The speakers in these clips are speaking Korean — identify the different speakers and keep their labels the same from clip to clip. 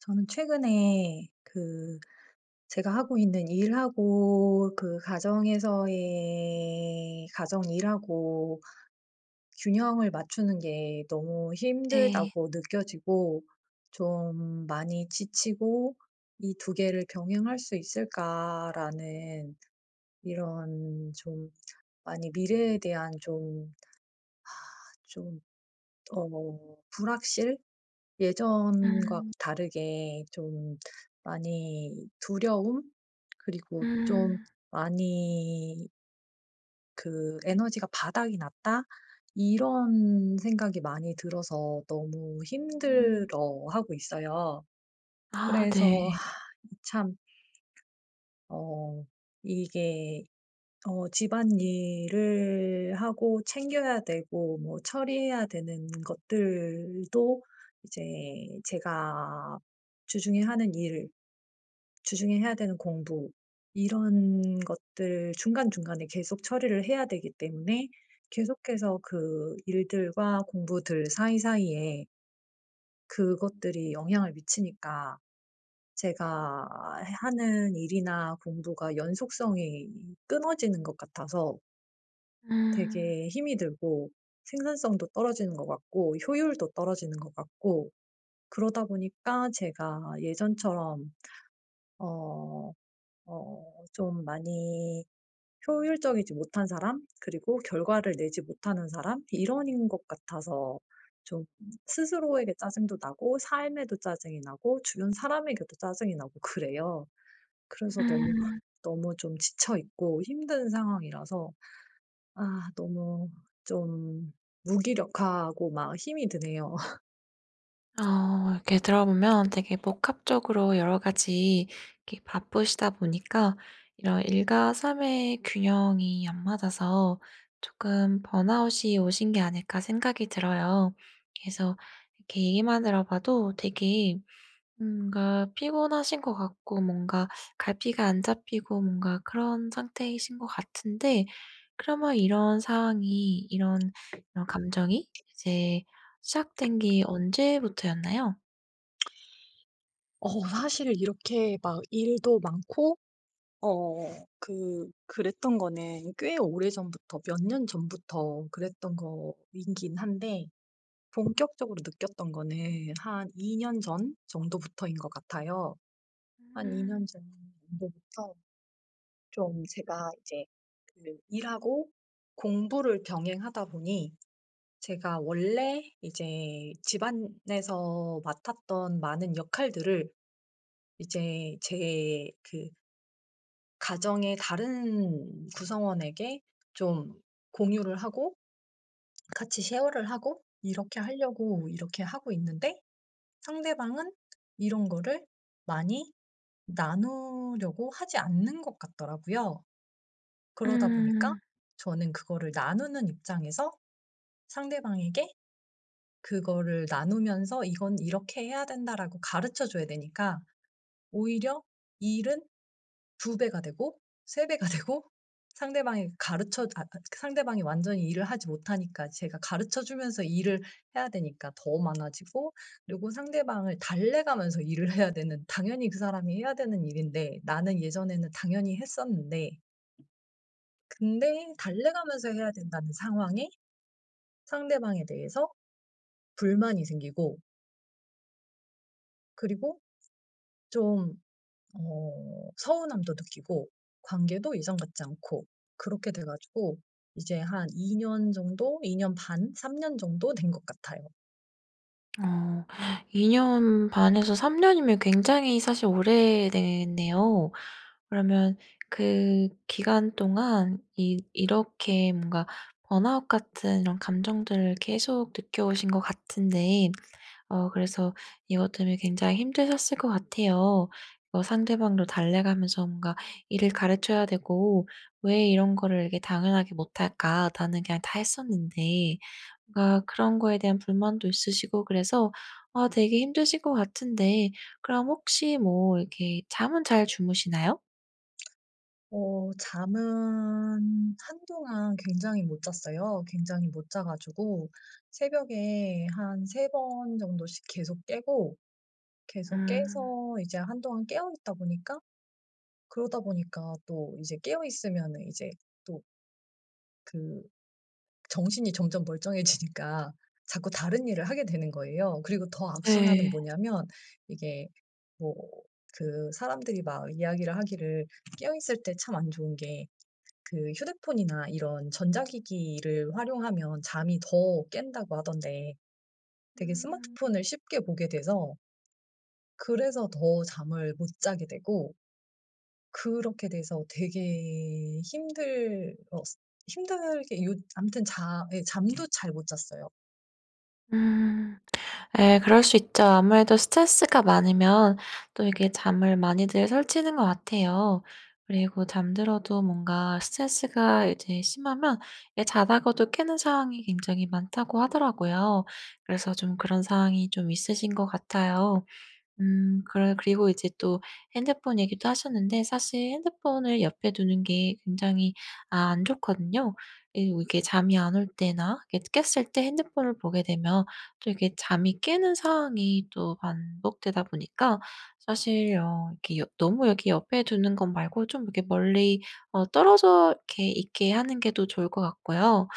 Speaker 1: 저는 최근에 그 제가 하고 있는 일하고 그 가정에서의 가정일하고 균형을 맞추는 게 너무
Speaker 2: 네.
Speaker 1: 힘들다고 느껴지고 좀 많이 지치고 '이 2 개를 병행할 수 있을까?'라는 이런 좀 많이 미래에 대한 좀 좀 어 불확실? 예전과
Speaker 2: 음.
Speaker 1: 다르게 좀 많이 두려움? 그리고 좀
Speaker 2: 음.
Speaker 1: 많이 그 '에너지가 바닥이 났다.' 이런 생각이 많이 들어서 너무
Speaker 2: 음.
Speaker 1: 힘들어하고 있어요.
Speaker 2: 아 네.
Speaker 1: 그래서 이 참 어 이게 어 집안일을 하고 챙겨야 되고 뭐 처리해야 되는 것들도 이제 제가 주중에 하는 일, 주중에 해야 되는 공부 이런 것들 중간중간에 계속 처리를 해야 되기 때문에 계속해서 그 일들과 공부들 사이사이에 그것들이 영향을 미치니까 제가 하는 일이나 공부가 연속성이 끊어지는 것 같아서
Speaker 2: 음.
Speaker 1: 되게 힘이 들고 생산성도 떨어지는 것 같고 효율도 떨어지는 것 같고 그러다 보니까 제가 예전처럼 어 어 좀 많이 효율적이지 못한 사람 그리고 결과를 내지 못하는 사람 일원인 것 같아서 좀 스스로에게 짜증도 나고 삶에도 짜증이 나고 주변 사람에게도 짜증이 나고 그래요. 그래서 너무
Speaker 2: 음.
Speaker 1: 너무 좀 지쳐 있고 힘든 상황이라서 아 너무 좀 무기력하고 막 힘이 드네요.
Speaker 2: 어 이렇게 들어보면 되게 복합적으로 여러 가지 이렇게 바쁘시다 보니까 이런 '일과 삶의 균형이 안 맞아서 쪼끔 번아웃이 오신 게 아닐까.' 생각이 들어요. 그래서 이렇게 얘기만 들어 봐도 되게 음 뭔가 피곤하신 것 같고 뭔가 갈피가 안 잡히고 뭔가 그런 상태이신 것 같은데 그러면 이런 상황이 이런 이런 감정이 이제 시작된 게 언제부터였나요?
Speaker 1: 어 사실 이렇게 막 일도 많고 어 그 그랬던 거는 꽤 오래전부터 몇 년 전부터 그랬던 거이긴 한데 본격적으로 느꼈던 거는 한 2 년 전 정도부터인 것 같아요. 한 2 년
Speaker 2: 음.
Speaker 1: 전 정도부터 좀 제가 이제 그 일하고 공부를 병행하다 보니 제가 원래 이제 집안에서 맡았던 많은 역할들을 이제 제 그 가정의 다른 구성원에게 좀 공유를 하고 같이 쉐어를 하고 이렇게 하려고 이렇게 하고 있는데 상대방은 이런 거를 많이 나누려고 하지 않는 것 같더라고요. 그러다 보니까
Speaker 2: 음.
Speaker 1: 저는 그거를 나누는 입장에서 상대방에게 그거를 나누면서 "이건 이렇게 해야 된다."라고 가르쳐 줘야 되니까 오히려 일은 2 배가 되고 3 배가 되고 상대방에 가르쳐
Speaker 2: [unintelligible]
Speaker 1: 아 아 상대방이 완전히 일을 하지 못하니까 제가 가르쳐 주면서 일을 해야 되니까 더 많아지고 그리고 상대방을 달래가면서 일을 해야 되는 당연히 그 사람이 해야 되는 일인데 나는 예전에는 당연히 했었는데 근데 달래가면서 해야 된다는 상황에 상대방에 대해서 불만이 생기고 그리고 좀 어 서운함도 느끼고 관계도 예전 같지 않고 그렇게 돼 가지고 이제 한 2 년 정도 2 년 반, 3 년 정도 된 것 같아요.
Speaker 2: 어 2 년 반에서 3 년이면 굉장히 사실 오래됐네요. 그러면 그 기간 동안 이 이렇게 뭔가 번아웃 같은 이런 감정들을 계속 느껴오신 것 같은데 어 그래서 이것 때문에 굉장히 힘드셨을 것 같아요. 뭐 상대방도 달래가면서 뭔가 일을 가르쳐야 되고 '왜 이런 거를 이렇게 당연하게 못할까? 나는 그냥 다 했었는데.' 뭔가 그런 거에 대한 불만도 있으시고 그래서 아 되게 힘드실 것 같은데 그럼 혹시 뭐 이렇게 잠은 잘 주무시나요?
Speaker 1: 어 잠은 한동안 굉장히 못 잤어요. 굉장히 못 자 가지고 새벽에 한 3 번 정도씩 계속 깨고 계속
Speaker 2: 음.
Speaker 1: 깨서 이제 한동안 깨어있다 보니까 그러다 보니까 또 이제 깨어 있으면은 이제 또 그 정신이 점점 멀쩡해지니까 자꾸 다른 일을
Speaker 2: 음.
Speaker 1: 하게 되는 거예요. 그리고 더 악순환은
Speaker 2: 예.
Speaker 1: 뭐냐면 이게 뭐 그 사람들이 막 이야기를 하기를 깨어있을 때 참 안 좋은 게 그 휴대폰이나 이런 전자기기를 활용하면 잠이 더 깬다고 하던데 되게
Speaker 2: 음.
Speaker 1: 스마트폰을 쉽게 보게 돼서, 그래서 더 잠을 못 자게 되고 그렇게 돼서 되게 힘들었 힘들게 요 아무튼 자 예 잠도 잘 못 잤어요.
Speaker 2: 음. 예 그럴 수 있죠. 아무래도 스트레스가 많으면 또 이게 잠을 많이들 설치는 것 같아요. 그리고 잠들어도 뭔가 스트레스가 이제 심하면 이 자다가도 깨는 상황이 굉장히 많다고 하더라고요. 그래서 좀 그런 상황이 좀 있으신 것 같아요. 음 그래 그리고 이제 또 핸드폰 얘기도 하셨는데 사실 핸드폰을 옆에 두는 게 굉장히 아 안 좋거든요. 이리고 이게 잠이 안 올 때나 이렇게 깼을 때 핸드폰을 보게 되면 또 이렇게 잠이 깨는 상황이 또 반복되다 보니까 사실 어 이렇게 여 너무 여기 옆에 두는 거 말고 좀 이렇게 멀리 어 떨어져 이렇게 있게 하는 게 더 좋을 것 같고요.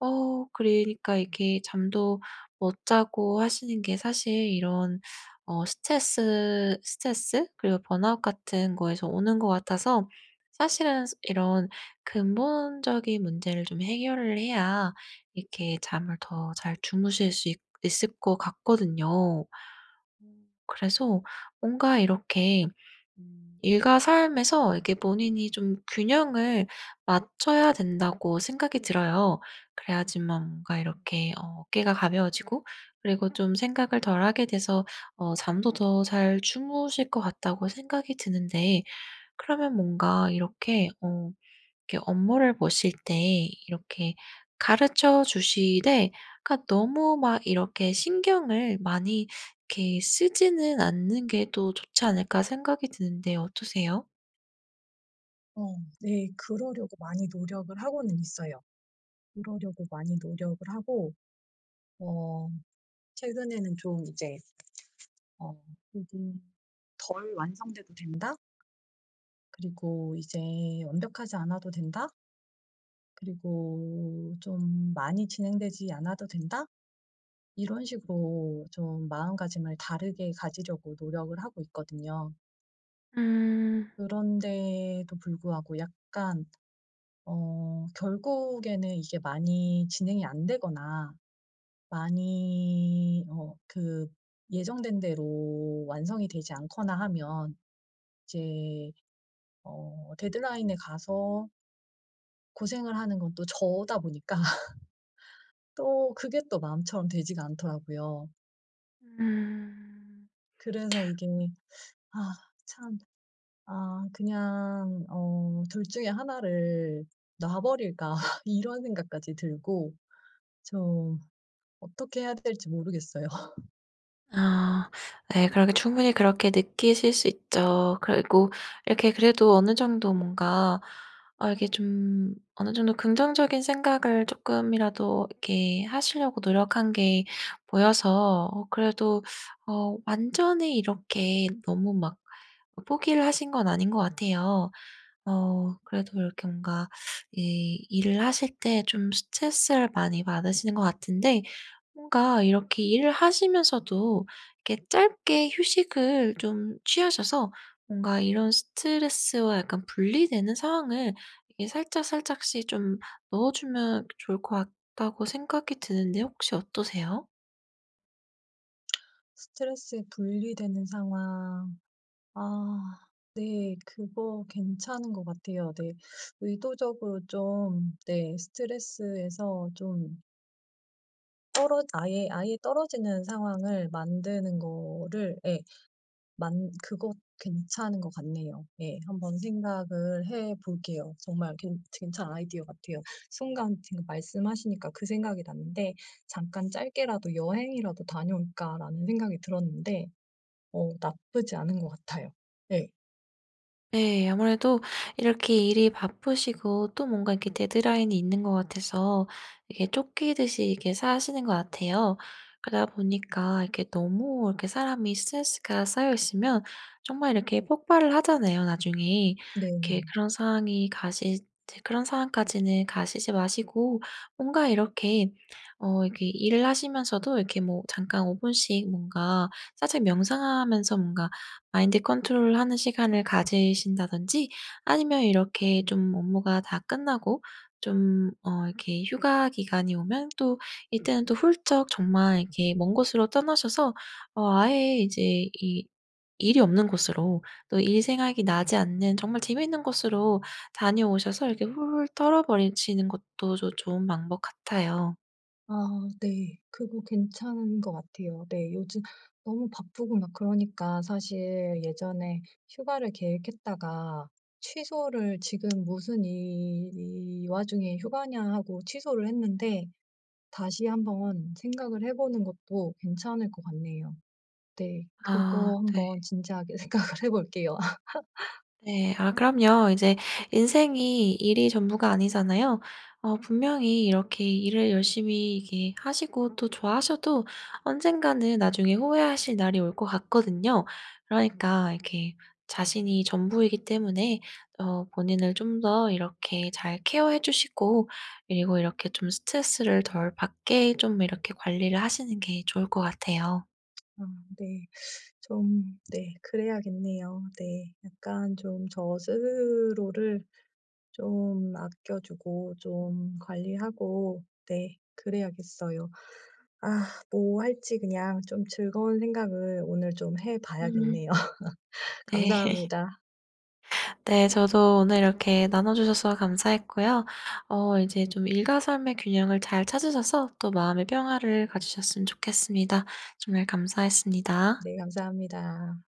Speaker 2: 어 그러니까 이렇게 잠도 못 자고 하시는 게 사실 이런 어 스트레스 스트레스 그리고 번아웃 같은 거에서 오는 것 같아서 사실은 스 이런 근본적인 문제를 좀 해결을 해야 이렇게 잠을 더 잘 주무실 수 있 있을 것 같거든요. 음 그래서 뭔가 이렇게 음 '일과 삶에서 이렇게 본인이 좀 균형을 맞춰야 된다.'고 생각이 들어요. 그래야지만 뭔가 이렇게 어 '어깨가 가벼워지고 그리고 좀 생각을 덜 하게 돼서 어 잠도 더 잘 주무실 것 같다.'고 생각이 드는데 그러면 뭔가 이렇게 어 이렇게 '업무를 보실 때 이렇게 가르쳐 주시되 그러니까 너무 막 이렇게 신경을 많이 이렇게 쓰지는 않는 게 또 좋지 않을까' 생각이 드는데 어떠세요?
Speaker 1: 어. 네 그러려고 많이 노력을 하고는 있어요. 그러려고 많이 노력을 하고. 어 최근에는 좀 이제 어 '그래도 덜 완성돼도 된다? 그리고 이제 완벽하지 않아도 된다?' '그리고 좀 많이 진행되지 않아도 된다?' 이런 식으로 좀 마음가짐을 다르게 가지려고 노력을 하고 있거든요.
Speaker 2: 음.
Speaker 1: 그런데도 불구하고 약간 어 결국에는 이게 많이 진행이 안 되거나 많이 어 그 예정된 대로 완성이 되지 않거나 하면 이제 어 데드라인에 가서 고생을 하는 건 또 저다 보니까 또 그게 또 마음처럼 되지가 않더라고요.
Speaker 2: 음.
Speaker 1: 그래서 이게 아 참 아 그냥 어 '2 중에 1 를 놔 버릴까?' 이런 생각까지 들고. 저 어떻게 해야 될지 모르겠어요.
Speaker 2: 아 네. 그렇게 충분히 그렇게 느끼실 수 있죠. 그리고 이렇게 그래도 어느 정도 뭔가 아 이게 좀 어느 정도 긍정적인 생각을 조금이라도 이렇게 하시려고 노력한 게 보여서 어 그래도 어 완전히 이렇게 너무 막 뭐 포기를 하신 건 아닌 것 같아요. 어 그래도 이렇게 뭔가 이 일을 하실 때 좀 스트레스를 많이 받으시는 것 같은데 뭔가 '이렇게 일을 하시면서도 이렇게 짧게 휴식을 좀 취하셔서 뭔가 이런 스트레스와 약간 분리되는 상황을 이렇게 살짝살짝씩 좀 넣어 주면 또 좋을 것 같다.'고 생각이 드는데 혹시 어떠세요?
Speaker 1: 스트레스에 분리되는 상황. 아 네 그거 괜찮은 것 같아요. 네. 의도적으로 좀 네 스트레스에서 좀 떨어 아예 아예 떨어지는 상황을 만드는 거를 예. 만 그것 괜찮은 것 같네요. 예 한번 생각을 해 볼게요. 정말 괜 괜찮은 아이디어 같아요. 순간 지금 말씀하시니까 그 생각이 났는데 잠깐 '짧게라도 여행이라도 다녀올까?'라는 생각이 들었는데 어 나쁘지 않은 것 같아요. 네.
Speaker 2: 네. 아무래도 이렇게 일이 바쁘시고 또 뭔가 이렇게 데드라인이 있는 것 같아서 이게 쫓기듯이 이렇게 사시는 것 같아요. 그러다 보니까 이게 너무 이렇게 사람이 스트레스가 쌓여 있으면 정말 이렇게 폭발을 하잖아요 나중에. 이렇게
Speaker 1: 네.
Speaker 2: 그런 상황이 가시 제 그런 상황까지는 가시지 마시고 뭔가 이렇게 어 이렇게 일을 하시면서도 이렇게 뭐 잠깐 5 분씩 뭔가 살짝 명상하면서 뭔가 마인드 컨트롤하는 시간을 가지신다든지 아니면 이렇게 좀 업무가 다 끝나고 좀 어 이렇게 휴가 기간이 오면 또 이때는 또 훌쩍 정말 이렇게 먼 곳으로 떠나셔서 어 아예 이제 이 일이 없는 곳으로 또 일 생각이 나지 않는 정말 재미있는 곳으로 다녀오셔서 이렇게 훌훌 털어 버리시는 것도 조 좋은 방법 같아요.
Speaker 1: 아 네. 그거 괜찮은 것 같아요. 네 요즘 너무 바쁘고 막 그러니까 사실 예전에 휴가를 계획했다가 취소를 '지금 무슨 이, 이 와중에 휴가냐.' 하고 취소를 했는데 다시 한번 생각을 해 보는 것도 괜찮을 것 같네요. 네.
Speaker 2: 아
Speaker 1: 그거
Speaker 2: 네.
Speaker 1: 한번 진지하게 생각을 해 볼게요.
Speaker 2: 네. 아 그럼요. 이제 인생이 일이 전부가 아니잖아요. 어 분명히 이렇게 일을 열심히 이렇게 하시고 또 좋아하셔도 언젠가는 나중에 후회하실 날이 올 것 같거든요. 그러니까 이렇게 자신이 전부이기 때문에 어 본인을 좀 더 이렇게 잘 케어해 주시고 그리고 이렇게 좀 스트레스를 덜 받게 좀 이렇게 관리를 하시는 게 좋을 것 같아요.
Speaker 1: 아 네. 좀 네. 그래야겠네요 네. 약간 좀 저 스스로를 좀 아껴 주고 좀 관리하고 네 그래야겠어요. 아 뭐 할지 그냥 좀 즐거운 생각을 오늘 좀 해
Speaker 2: 음.
Speaker 1: 봐야겠네요.
Speaker 2: 네.
Speaker 1: 감사합니다
Speaker 2: 네. 저도 오늘 이렇게 나눠 주셔서 감사했고요. 어 이제 좀 일과 삶의 균형을 잘 찾으셔서 또 마음의 평화를 가지셨으면 좋겠습니다. 정말 감사했습니다.
Speaker 1: 네. 감사합니다.